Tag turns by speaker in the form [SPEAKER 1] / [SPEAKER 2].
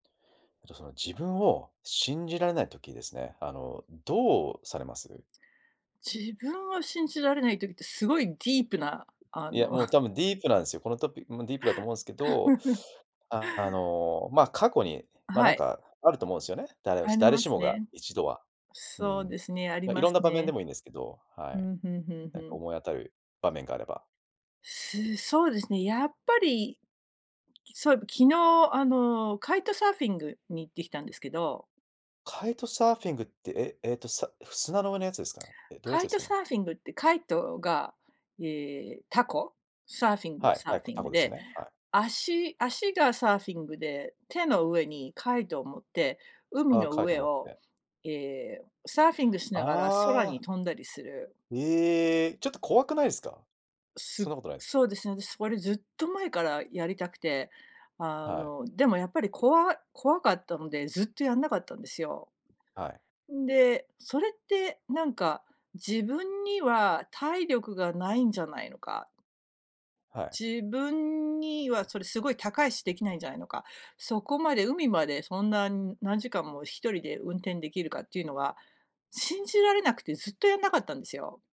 [SPEAKER 1] あとその自分を信じられない時ですね、あの、どうされます？
[SPEAKER 2] 自分は信じられない時って、すごいディープなあ
[SPEAKER 1] いや、
[SPEAKER 2] の
[SPEAKER 1] もう 多分ディープなんすよ、このトピもうディープだと思うんですけど、あ、あの、まあ、過去に、まあ、な
[SPEAKER 2] は
[SPEAKER 1] ん
[SPEAKER 2] い。
[SPEAKER 1] か、あると思うんすよね、だれ
[SPEAKER 2] あり
[SPEAKER 1] 誰
[SPEAKER 2] ま
[SPEAKER 1] し
[SPEAKER 2] す
[SPEAKER 1] もが
[SPEAKER 2] ね。
[SPEAKER 1] 一度は。う
[SPEAKER 2] そう
[SPEAKER 1] ん。
[SPEAKER 2] ですね、あり
[SPEAKER 1] い
[SPEAKER 2] ま
[SPEAKER 1] ろん
[SPEAKER 2] す
[SPEAKER 1] な場面で
[SPEAKER 2] ね。
[SPEAKER 1] もいいんですけど、は
[SPEAKER 2] ふ
[SPEAKER 1] い。
[SPEAKER 2] んふんふんふ
[SPEAKER 1] なんか
[SPEAKER 2] ん。
[SPEAKER 1] 思い当たる場面があれば。
[SPEAKER 2] す、そうですね、やっぱり、そういえば、昨日あの、カイトサーフィングに行ってきたんですけど
[SPEAKER 1] カイトサーフィングって、ええっと、さ砂の上のやつですか？え、どういうや
[SPEAKER 2] カ
[SPEAKER 1] つ
[SPEAKER 2] イ
[SPEAKER 1] です
[SPEAKER 2] ト
[SPEAKER 1] かね？
[SPEAKER 2] サーフィングってカイトがええ凧。サーフィング
[SPEAKER 1] はい
[SPEAKER 2] サ
[SPEAKER 1] は
[SPEAKER 2] ー
[SPEAKER 1] い、
[SPEAKER 2] フィン
[SPEAKER 1] 凧
[SPEAKER 2] グ
[SPEAKER 1] です
[SPEAKER 2] で、
[SPEAKER 1] ね、はい。
[SPEAKER 2] 足足がサーフィングで、手の上にカイトを持って、海
[SPEAKER 1] ああ、
[SPEAKER 2] の
[SPEAKER 1] カイト
[SPEAKER 2] 上
[SPEAKER 1] 持っ
[SPEAKER 2] を、
[SPEAKER 1] て。
[SPEAKER 2] ええ、サーフィングし
[SPEAKER 1] あ
[SPEAKER 2] ながら空に
[SPEAKER 1] あ！
[SPEAKER 2] 飛んだりする
[SPEAKER 1] ええ、ちょっと怖くないすか？そ
[SPEAKER 2] す
[SPEAKER 1] んなことないす。
[SPEAKER 2] そうですね、私それずっと前からやりたくて、あ
[SPEAKER 1] はい。
[SPEAKER 2] の、でもやっぱり怖怖かったので、ずっとやんなかったんですよ。
[SPEAKER 1] はい。
[SPEAKER 2] んで、それって、なんか、自分には体力がないんじゃないのか？
[SPEAKER 1] はい。
[SPEAKER 2] 自分にはそれすごい高いし、できないんじゃないのか、そこまで海までそんな何時間も1人で運転できるかっていうのは、信じられなくて、ずっとやんなかったんですよ。